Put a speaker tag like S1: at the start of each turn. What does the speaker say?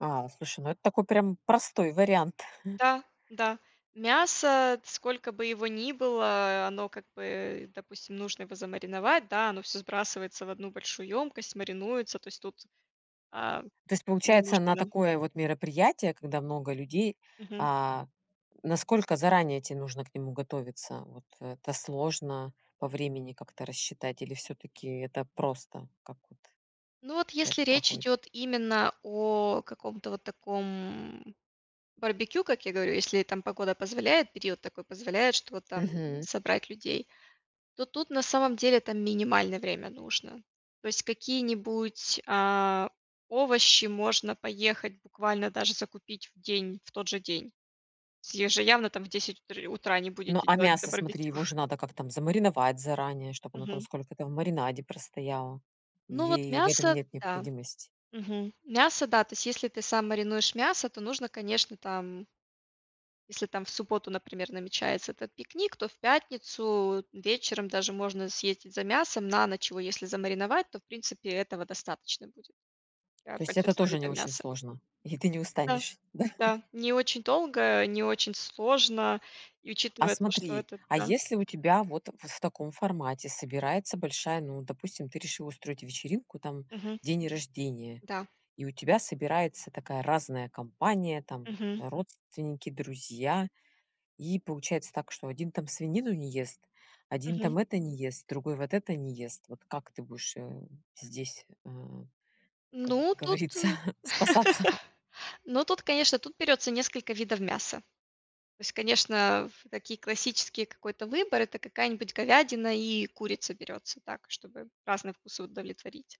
S1: А, слушай, ну, это такой прям простой вариант.
S2: Да, да. Мясо, сколько бы его ни было, оно, как бы, допустим, нужно его замариновать, да, оно всё сбрасывается в одну большую емкость, маринуется, то есть тут, а,
S1: То есть
S2: не
S1: получается,
S2: нужно,
S1: на
S2: да.
S1: такое вот мероприятие, когда много людей,
S2: Мгм.
S1: а, насколько заранее тебе нужно к нему готовиться? Вот это сложно по времени как-то рассчитать или всё-таки это просто, как вот у
S2: Ну, вот
S1: тебя
S2: если
S1: это
S2: речь
S1: проходит?
S2: идёт именно о каком-то вот таком барбекю, как я говорю, если там погода позволяет, период такой позволяет, что вот там
S1: Мгм.
S2: собрать людей, то тут на самом деле это минимальное время нужно. То есть какие-нибудь, а, овощи можно поехать буквально даже закупить в день, в тот же день. С еже явно там в 10 утри утра не
S1: Ну,
S2: будете
S1: а
S2: делать это
S1: мясо, смотри,
S2: барбекю.
S1: его же надо как-то там замариновать заранее, чтобы оно там
S2: Мгм.
S1: сколько-то в маринаде простояло,
S2: Ну вот,
S1: или в этом
S2: мясо,
S1: нет
S2: да.
S1: необходимости?
S2: Мгм. Мясо, да, то есть если ты сам маринуешь мясо, то нужно, конечно, там Если там в субботу, например, намечается этот пикник, то в пятницу, вечером даже можно съездить за мясом на ночь, его если замариновать, то в принципе этого достаточно будет. Да,
S1: То есть это
S2: большинству
S1: тоже не
S2: видам
S1: очень
S2: мяса.
S1: сложно? И ты не
S2: Да,
S1: устанешь, да?
S2: да. Не очень долго, не очень сложно и
S1: А
S2: учитывая то, что
S1: смотри,
S2: это,
S1: а
S2: да
S1: если у тебя вот в в таком формате собирается большая, ну, допустим, ты решила устроить вечеринку, там
S2: Мгм.
S1: день рождения,
S2: Да.
S1: и у тебя собирается такая разная компания, там
S2: Мгм.
S1: родственники, друзья. И получается так, что один там свинину не ест, один
S2: Мгм.
S1: там это не ест, другой вот это не ест. Вот как ты будешь, э, здесь, а, как
S2: Ну, тут
S1: говорится,
S2: ы
S1: спасаться?
S2: Ну, тут, конечно, тут берется несколько видов мяса. То есть, конечно, в такие классические какой-то выбор- это какая-нибудь говядина и курица берется так, чтобы разные вкусы удовлетворить.